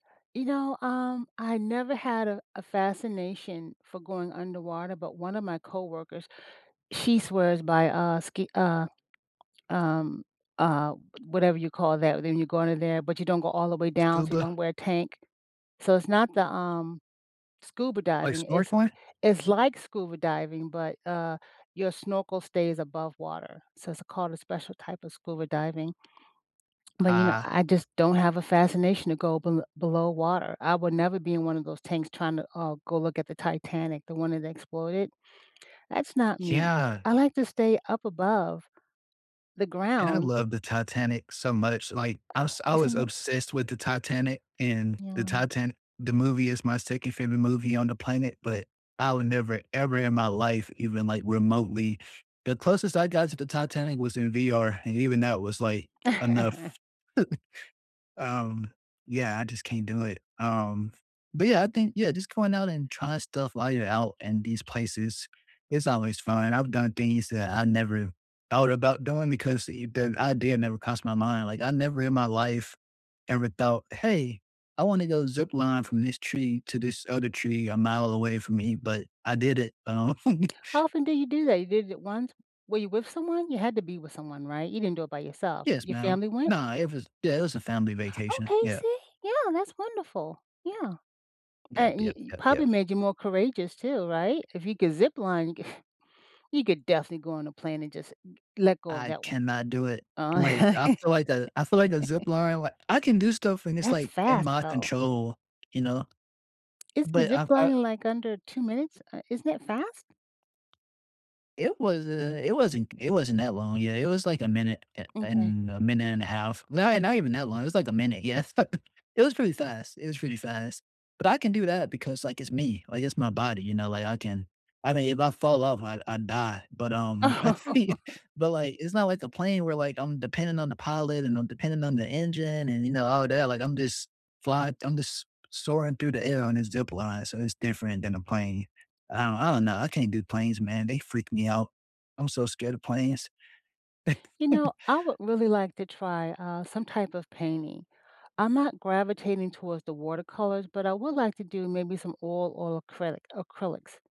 You know, um, I never had a a fascination for going underwater, but one of my coworkers, she swears by, uh, ski uh, um uh, whatever you call that when you go under there, but you don't go all the way down, so you Scuba? don't wear a tank, so it's not the, um, scuba Like diving. It's snorkeling? it's like scuba diving, but, uh, your snorkel stays above water, so it's called a special type of scuba diving. But, you know, Ah. I just don't have a fascination to go bel below water. I would never be in one of those tanks trying to, uh, go look at the Titanic- the one that exploded. That's not me. Yeah. I like to stay up above the And I ground. love the Titanic so much, like, I was [unintelligible] I was Isn't it? obsessed with the Titanic, and The Yeah. Titan the movie, is my 2nd favorite movie on the planet, but I would never, ever in my life, even like remotely the closest I got to the Titanic was in VR, and even that was like, enough. Um, yeah, I just can't do it, um, but yeah, I think yeah, just going out and trying stuff while you're out in these places is always fun. I've done things that I never thought about doing because the idea never crossed my mind, like, I never in my life, ever, thought, "Hey, I wanna go zipline from this tree to this other tree a mile away from me," but I did it, um How often do you do that? You did it once. Were you with someone? You had to be with someone, right? You didn't do it by yourself. Yes, Your ma'am. family went? Nah, it was yeah, it was a family vacation, Okay. yeah. See. Yeah, that's wonderful. Yeah. And Yep, y yep, it yep, probably yep. made you more courageous too, right? If you could zip line, you could you could definitely go on a plane and just l let go of I that one. cannot do it, like, I feel like the I feel like the zipline, like I can do stuff when it's, That's like, in fast, my though. control, you know? Isn't But zip I've I lining like under 2 minutes? Uh, isn't that fast? It was, uh, it wasn't it wasn't that long. Yeah, it was, like, a minute a Okay. and a minute and a half. Not not even that long. It was like a minute, yeah. It was pretty fast, it was pretty fast, but I can do that because, like, it's me, like, it's my body, you know, like I can I mean, if I fall off I I die, but, um, but like, it's not like a plane where, like, I'm dependent on the pilot, and I'm dependent on the engine, and you know, all that, like, I'm just fly I'm just s soaring through the air on a zipline, so it's different than a plane. I don't I don't know. I can't do planes, man. They freak me out. I'm so scared of planes. You know, I would really like to try, uh, some type of painting. I'm not gravitating towards the watercolors, but I would like to do maybe some oil or acrylic acrylics.